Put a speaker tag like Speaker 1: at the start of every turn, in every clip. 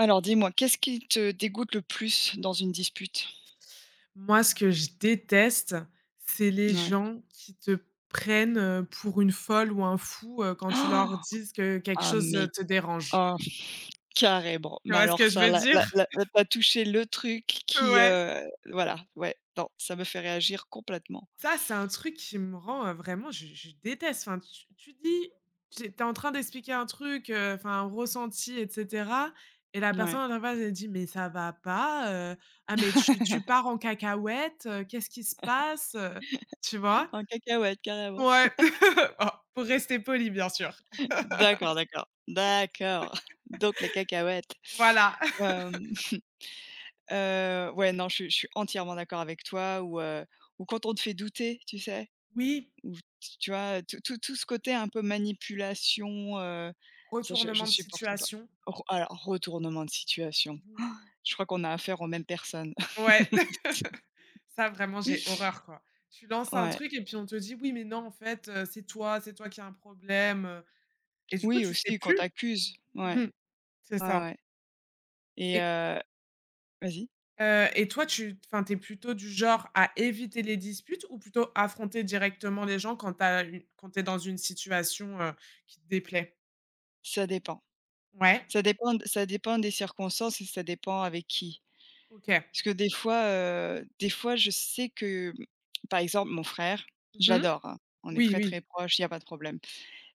Speaker 1: Alors dis-moi, qu'est-ce qui te dégoûte le plus dans une dispute?
Speaker 2: Moi, ce que je déteste, c'est les
Speaker 1: Ouais.
Speaker 2: gens qui te prennent, heu, pour une folle ou un fou, heu, quand tu leur dises que quelque
Speaker 1: Ah
Speaker 2: chose, heu,
Speaker 1: mais
Speaker 2: te dérange.
Speaker 1: oh, carrément,
Speaker 2: Tu
Speaker 1: mais
Speaker 2: vois ce
Speaker 1: alors
Speaker 2: que je
Speaker 1: ça,
Speaker 2: veux
Speaker 1: là là
Speaker 2: dire?
Speaker 1: là là tu as touché le truc qui
Speaker 2: Ouais.
Speaker 1: heu, voilà, ouais. Non, ça me fait réagir complètement.
Speaker 2: Ça, c'est un truc qui me rend vraiment, je je déteste. Enfin tu tu dis tu es en train d'expliquer un truc, heu, enfin un ressenti et cetera, et la
Speaker 1: N ouais.
Speaker 2: personne en face elle dit: «Mais ça va pas, heu, ah mais tu tu pars en cacahuète, qu'est-ce qui se passe» heu, tu vois?
Speaker 1: En cacahuète carrément.
Speaker 2: Ouais, oh pour rester polie, bien sûr.
Speaker 1: D'accord, d'accord, d'accord, donc les cacahuètes,
Speaker 2: Voilà.
Speaker 1: hem, heu, ouais. Non, je suis je suis entièrement d'accord avec toi ou heu, ou quand on te fait douter, tu sais?
Speaker 2: Oui.
Speaker 1: Ou t tu vois? Tout tout tout ce côté un peu manipulation, heu, ça je je
Speaker 2: Retournement de
Speaker 1: supporte pas.
Speaker 2: situation.
Speaker 1: Re alors retournement de situation,
Speaker 2: Mmh.
Speaker 1: je crois qu'on a affaire aux mêmes personnes.
Speaker 2: Ouais, ça vraiment j'ai horreur quoi. Tu lances un
Speaker 1: Ouais.
Speaker 2: truc et puis on te dit: «Oui, mais non en fait, heu, c'est toi c'est toi qui as un problème» heu et du coup,
Speaker 1: Oui
Speaker 2: tu sais
Speaker 1: aussi qu'on
Speaker 2: plus.
Speaker 1: t'accuse,
Speaker 2: Mmh
Speaker 1: ouais,
Speaker 2: mh. C'est
Speaker 1: ouais,
Speaker 2: ça.
Speaker 1: ouais. Et
Speaker 2: Et
Speaker 1: heu vas-y.
Speaker 2: Heu et toi, tu, enfin, tu es plutôt du genre à éviter les disputes ou plutôt affronter directement les gens quand tu as eu quand tu es dans une situation, heu, qui te déplaît?
Speaker 1: Ça dépend.
Speaker 2: Ouais.
Speaker 1: Ça dépend, d ça dépend des circonstances et ça dépend avec qui.
Speaker 2: OK.
Speaker 1: Parce que des fois heu, des fois je sais que, par exemple, mon frère
Speaker 2: Mmh mh,
Speaker 1: j'adore, hein, on est
Speaker 2: oui,
Speaker 1: très, très
Speaker 2: oui.
Speaker 1: proches, il y a pas de problème.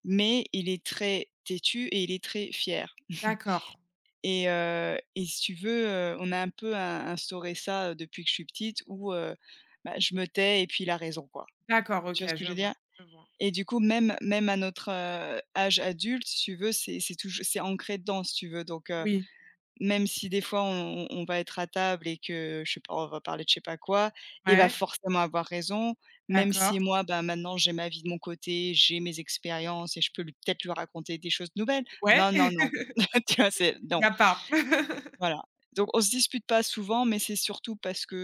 Speaker 1: Mais il est très têtu et il est très fier
Speaker 2: D'accord.
Speaker 1: et heu, et si tu veux, heu, on a un peu in instauré ça depuis que je suis petite, où heu, bah, je me tais et puis il a raison, quoi.
Speaker 2: D'accord,
Speaker 1: Tu
Speaker 2: OK,
Speaker 1: vois ce que je
Speaker 2: je
Speaker 1: veux dire?
Speaker 2: vois, je vois.
Speaker 1: Et du coup même même à notre, heu, âge adulte, si tu veux, c'est c'est tou c'est ancré dedans, si tu veux. Donc heu,
Speaker 2: Oui.
Speaker 1: même si des fois on on on va être à table et que je sais pas, on va parler de je sais pas quoi, il va
Speaker 2: Ouais.
Speaker 1: forcément avoir raison, même
Speaker 2: D'accord.
Speaker 1: si moi, bah, maintenant j'ai ma vie de mon côté, j'ai mes expériences et je peux l peut-être lui raconter des choses nouvelles.
Speaker 2: Ouais,
Speaker 1: Non, non,
Speaker 2: il
Speaker 1: non, tu vois, c'est
Speaker 2: y
Speaker 1: non.
Speaker 2: a pas.
Speaker 1: Voilà. Donc on se dispute pas souvent, mais c'est surtout parce que,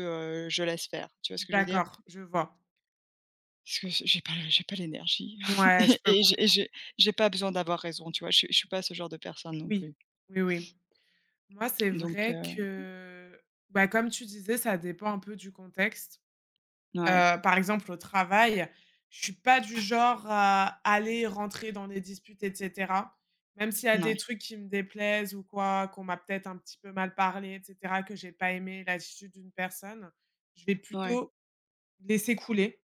Speaker 1: heu, je laisse faire, tu vois ce que je veux dire?
Speaker 2: D'accord, je vois.
Speaker 1: Parce que je j'ai pas j'ai pas l'énergie
Speaker 2: Ouais, je peux
Speaker 1: et j'ai et
Speaker 2: comprendre.
Speaker 1: j'ai j'ai pas besoin d'avoir raison, tu vois? Je suis pas ce genre de personne non
Speaker 2: Oui.
Speaker 1: plus.
Speaker 2: Oui, oui. Moi, c'est
Speaker 1: Donc,
Speaker 2: vrai
Speaker 1: heu
Speaker 2: que, bah, comme tu disais, ça dépend un peu du contexte.
Speaker 1: N
Speaker 2: Heu,
Speaker 1: ouais.
Speaker 2: par exemple au travail, je suis pas du genre à aller rentrer dans des disputes et cetera. Même s'il y a
Speaker 1: N
Speaker 2: des
Speaker 1: ouais.
Speaker 2: trucs qui me déplaisent ou quoi, qu'on m'a peut-être un petit peu mal parlé et cetera, que j'ai pas aimé l'attitude d'une personne, je vais
Speaker 1: Ouais.
Speaker 2: plutôt laisser couler.